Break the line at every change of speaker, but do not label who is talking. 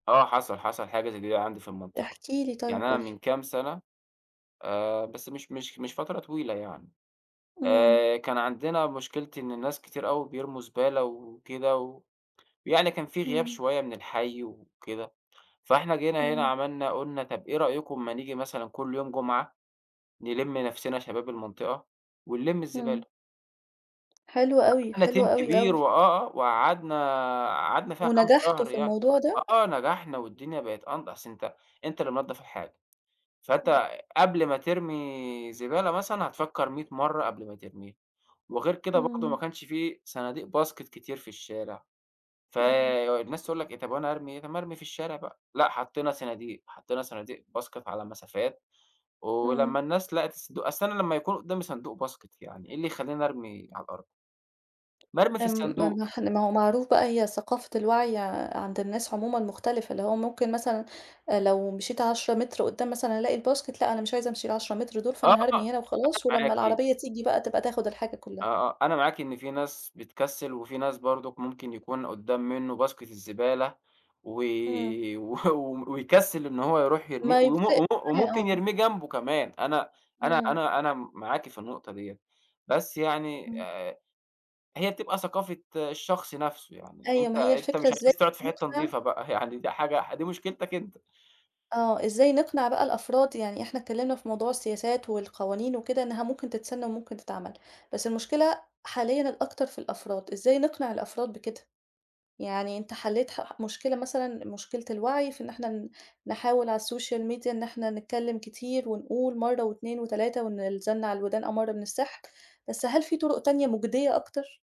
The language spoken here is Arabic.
آه، حصل حصل حاجة زي دي عندي في المنطقة.
احكِ لي طيب،
يعني أنا
قل لي.
من كام سنة، آآ، بس مش مش مش فترة طويلة يعني.
إمم.
آآ، كان عندنا مشكلة إن الناس كتير أوي بيرموا زبالة وكده، و يعني كان في غياب
إمم.
شوية من الحي وكده. فإحنا جينا هنا
إمم.
عملنا قلنا طب إيه رأيكم ما نيجي مثلًا كل يوم جمعة، نلِم نفسِنا شباب المنطقة ونلِم
إمم.
الزبالة؟
حلو أوي،
عملنا
حلو
team
أوي
كبير
أوي.
وآه آه، وقعدنا قعدنا فيها كام
ونَجحتوا
شهر
في
يعني
الموضوع ده؟
آه، نجحنا والدنيا بقت أنض أصل أنت أنت اللي منضف الحاجة.
إمم.
فأنت قبل ما ترمي زبالة مثلًا، هتفكر مِيّة مرة قبل ما ترميها، وغير كده برضه ما
إمم.
كانش في صناديق باسكت كتير في الشارع.
إمم.
فالناس تقول لك إيه "طب وأنا هارمي إيه طب ما أرمي في الشارع بقى" لأ، حطينا صناديق حطينا صناديق باسكت على مسافات، ولما
إمم.
الناس لقت الصندوق أصل أنا لما يكون قدامي صندوق باسكت يعني إيه اللي يخليني أرمي على الأرض؟ ما أرمى في
آمم
الصندوق.
م ما هو معروف بقى هي ثقافة الوعي عند الناس عمومًا مختلفة، اللي هو ممكن مثلًا لو مشيت 10 متر قدام مثلًا ألاقي الباسكت لأ، أنا مش عايزة أمشي ال10 متر دول،
آه،
فأنا
أنا
هارمي هنا وخلاص ولما
معاكِ.
العربية تيجي بقى تبقى تاخد الحاجة
آه،
كلها.
آه أنا معاكِ إن في ناس بتكسل، وفي ناس برضه ممكن يكون قدام منه باسكت الزبالة و
إمم.
و ويكسل إن هو يرُوح يرميه
ما ي
وم وم
[unintelligible]
وممكن
آه.
يرميه جنبه كمان، أنا أنا
إمم.
أنا أنا معاكِ في النقطة ديّة، بس يعني
إمم.
آآ هي بتبقى ثقافة الشخص نفْسه يعني،
أيوه،
أنت
ما هي
أنت
الفكرة
مش
إزاي
عايز تقعد في حتة
هنقنِع
نضيفة بقى يعني دي حاجة دي مشكلتك أنت.
آه، إزاي نقنِع بقى الأفراد، يعني إحنا اتكلمنا في موضوع السياسات والقوانين وكده إنها ممكن تتسن وممكن تتعمل، بس المشكلة حاليًا الأكتر في الأفراد، إزاي نقنع الأفراد بكده؟ يعني أنت حليت ح ح مشكلة مثلًا مشكلة الوعي في إن إحنا ن نحاول على الSocial Media إن إحنا نتكلم كتير ونقول مرة و2 و3 وإن الزن على الودان أمَر من السحر، بس هل في طُرق تانية مُجدية أكتر؟